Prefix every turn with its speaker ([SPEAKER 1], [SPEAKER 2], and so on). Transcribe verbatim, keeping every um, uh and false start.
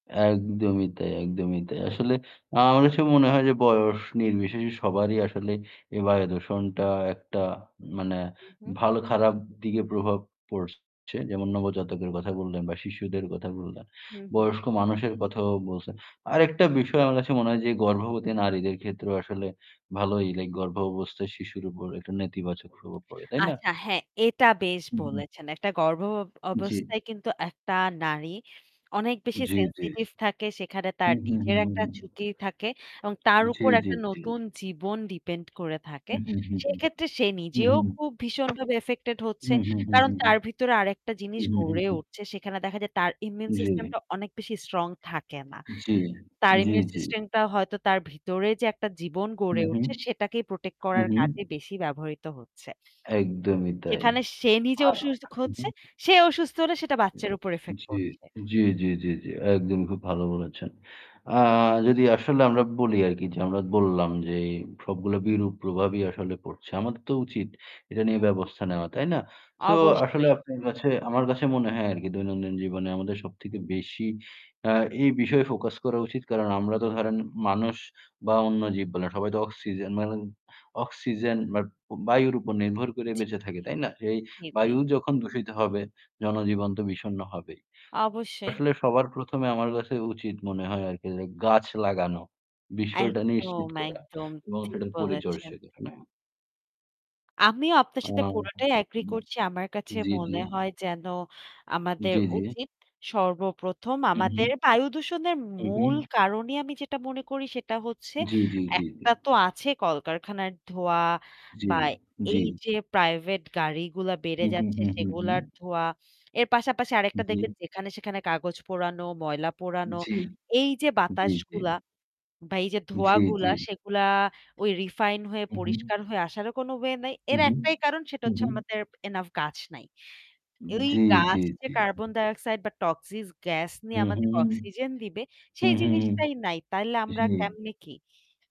[SPEAKER 1] একদমই তাই, একদমই তাই। আসলে আ আমার কাছে মনে হয় যে বয়স নির্বিশেষে সবারই আসলে এই বায়ু দূষণটা একটা মানে
[SPEAKER 2] হুম, হুম।
[SPEAKER 1] ভালো খারাপ দিকে প্রভাব পড়ছে। যেমন নবজাতকের কথা বললেন বা শিশুদের কথা বললেন।
[SPEAKER 2] হুম, হুম।
[SPEAKER 1] বয়স্ক মানুষের কথাও বলছেন। আরেকটা বিষয় আমার কাছে মনে হয় যে গর্ভবতী নারীদের ক্ষেত্রেও আসলে ভালোই লাইক গর্ভাবস্থায় শিশুর উপর একটা নেতিবাচক প্রভাব পড়ে, তাই না?
[SPEAKER 2] আচ্ছা হ্যাঁ এটা বেশ
[SPEAKER 1] উ হু।
[SPEAKER 2] বলেছেন। একটা গর্ভ ব
[SPEAKER 1] জ্বী।
[SPEAKER 2] অবস্থায় কিন্তু একটা নারী অনেক বেশি
[SPEAKER 1] জ্বি, জ্বি।
[SPEAKER 2] সেনসিটিভ থাকে। সেখানে
[SPEAKER 1] হু,
[SPEAKER 2] তার
[SPEAKER 1] হু, হু,
[SPEAKER 2] নিজের
[SPEAKER 1] হু,
[SPEAKER 2] একটা
[SPEAKER 1] হু।
[SPEAKER 2] ঝুকি থাকে। এবং তার
[SPEAKER 1] জ্বী,
[SPEAKER 2] উপর
[SPEAKER 1] জ্বী,
[SPEAKER 2] একটা
[SPEAKER 1] জ্বী।
[SPEAKER 2] নতুন জীবন ডিপেন্ড করে থাকে।
[SPEAKER 1] হুম, হুম, হুম,
[SPEAKER 2] সেক্ষেত্রে সে
[SPEAKER 1] হুম,
[SPEAKER 2] নিজেও
[SPEAKER 1] হুম,
[SPEAKER 2] খুব ভীষণভাবে ইফেক্টেড হচ্ছে।
[SPEAKER 1] হুম, হুম, হুম,
[SPEAKER 2] কারণ
[SPEAKER 1] হুম,
[SPEAKER 2] তার ভিতরে আরেকটা জিনিস
[SPEAKER 1] হুম, হুম, হুম,
[SPEAKER 2] গড়ে
[SPEAKER 1] হুম।
[SPEAKER 2] উঠছে। সেখানে দেখা যায় তার ইমিউন
[SPEAKER 1] জ্বী।
[SPEAKER 2] সিস্টেমটা অনেক বেশি স্ট্রং থাকে না।
[SPEAKER 1] জ্বী,
[SPEAKER 2] তার
[SPEAKER 1] জ্বী,
[SPEAKER 2] ইমিউন
[SPEAKER 1] জ্বী।
[SPEAKER 2] সিস্টেমটা হয়তো তার ভিতরে যে একটা জীবন
[SPEAKER 1] হু,
[SPEAKER 2] গড়ে
[SPEAKER 1] হু,
[SPEAKER 2] উঠছে সেটাকেই প্রটেক্ট
[SPEAKER 1] হু,
[SPEAKER 2] করার
[SPEAKER 1] হু।
[SPEAKER 2] কাজে বেশি ব্যবহৃত হচ্ছে।
[SPEAKER 1] একদমই তাই।
[SPEAKER 2] যেখানে সে নিজে
[SPEAKER 1] আ
[SPEAKER 2] অসুসখ
[SPEAKER 1] উহু,
[SPEAKER 2] হচ্ছে, সে অসুস্থ হলে সেটা বাচ্চার উপর ইফেক্ট
[SPEAKER 1] জ্বী,
[SPEAKER 2] পড়ছে।
[SPEAKER 1] জ্বি, জ্বি, জি, জি। একদমই খুব ভালো বলেছেন। আ যদি আসলে আমরা বলি আরকি যে আমরা বললাম যে সবগুলা বিরূপ প্রভাবই আসলে পড়ছে। আমাদের তো উচিত এটা
[SPEAKER 2] হু,
[SPEAKER 1] নিয়ে
[SPEAKER 2] হু।
[SPEAKER 1] ব্যবস্থা নেওয়া। তাই না? সো আসলে
[SPEAKER 2] অবশ্যই।
[SPEAKER 1] আপনার কাছে আমার কাছে মনে হয় আরকি দৈনন্দিন জীবনে আমাদের সবথেকে বেশি আ এই বিষয়ে ফোকাস করা উচিত। কারণ আমরা তো ধরেন মানুষ বা অন্য জীব বলে। সবাই তো অক্সিজেন মা অক্সিজেন বাট বায়ুর উপর নির্ভর করে
[SPEAKER 2] জি,
[SPEAKER 1] বেঁচে থাকে,
[SPEAKER 2] জি।
[SPEAKER 1] তাই না? যে এই
[SPEAKER 2] জি, জি।
[SPEAKER 1] বায়ু যখন দূষিত হবে জনজীবন তো বিষণ্ণ হবেই।
[SPEAKER 2] অবশ্যই।
[SPEAKER 1] আসলে সবার প্রথম এ আমার কাছে উচিত মনে হয় আরকি যে গাছ লাগানো বিষয়টা
[SPEAKER 2] একদম,
[SPEAKER 1] নিশ্চিত করা
[SPEAKER 2] একদম
[SPEAKER 1] এবং
[SPEAKER 2] ঠিক
[SPEAKER 1] সেটার
[SPEAKER 2] বলেছেন।
[SPEAKER 1] পরিচর্চা [unintelligible]
[SPEAKER 2] আমিও আপনার
[SPEAKER 1] আ
[SPEAKER 2] সাথে পুরোটাই এগ্রি করছি। আমার কাছে
[SPEAKER 1] জ্বী, জ্বী।
[SPEAKER 2] মনে হয় যেন আমাদের
[SPEAKER 1] জ্বি, জ্বি।
[SPEAKER 2] উচিত। সর্বপ্রথম
[SPEAKER 1] হু,
[SPEAKER 2] আমাদের
[SPEAKER 1] হু।
[SPEAKER 2] বায়ুদূষণের
[SPEAKER 1] হু,
[SPEAKER 2] মূল
[SPEAKER 1] হু।
[SPEAKER 2] কারণই আমি যেটা মনে করি সেটা হচ্ছে
[SPEAKER 1] জ্বী, জ্বী, জ্বী, জ্বী।
[SPEAKER 2] একটা তো আছে কলকারখানার ধোয়া
[SPEAKER 1] জ্বি,
[SPEAKER 2] বা
[SPEAKER 1] জ্বি।
[SPEAKER 2] এইযে প্রাইভেট গাড়িগুলা বেড়ে
[SPEAKER 1] হু, হু,
[SPEAKER 2] যাচ্ছে
[SPEAKER 1] হু, হু।
[SPEAKER 2] সেগুলার ধোয়া। এর পাশাপাশি আরেকটা
[SPEAKER 1] জ্বী।
[SPEAKER 2] দেখবেন যেখানে সেখানে কাগজ পোড়ানো, ময়লা পোড়ানো,
[SPEAKER 1] জ্বি,
[SPEAKER 2] এইযে
[SPEAKER 1] জ্বি, জ্বি।
[SPEAKER 2] বাতাসগুলা বা এই যে ধোঁয়া
[SPEAKER 1] জ্বী,
[SPEAKER 2] গুলা
[SPEAKER 1] জ্বী।
[SPEAKER 2] সেগুলা ওই রিফাইন হয়ে
[SPEAKER 1] হু, হু।
[SPEAKER 2] পরিষ্কার হয়ে আসারও কোনো ওয়ে নাই।
[SPEAKER 1] হু,
[SPEAKER 2] এর
[SPEAKER 1] হু,
[SPEAKER 2] একটাই কারণ সেটা
[SPEAKER 1] হু,
[SPEAKER 2] হচ্ছে
[SPEAKER 1] হু।
[SPEAKER 2] আমাদের enough গাছ নাই। এই
[SPEAKER 1] জ্বী,
[SPEAKER 2] গাছ
[SPEAKER 1] জ্বী,
[SPEAKER 2] যে
[SPEAKER 1] জ্বী।
[SPEAKER 2] কার্বন ডাইঅক্সাইড বা টক্সিস গ্যাস নিয়ে
[SPEAKER 1] হুম,
[SPEAKER 2] আমাদের
[SPEAKER 1] হুম, হুম।
[SPEAKER 2] অক্সিজেন দিবে
[SPEAKER 1] হুম,
[SPEAKER 2] সেই
[SPEAKER 1] হুম, হুম।
[SPEAKER 2] জিনিসটাই নাই। তাইলে আমরা
[SPEAKER 1] জ্বী।
[SPEAKER 2] কেমনে কি?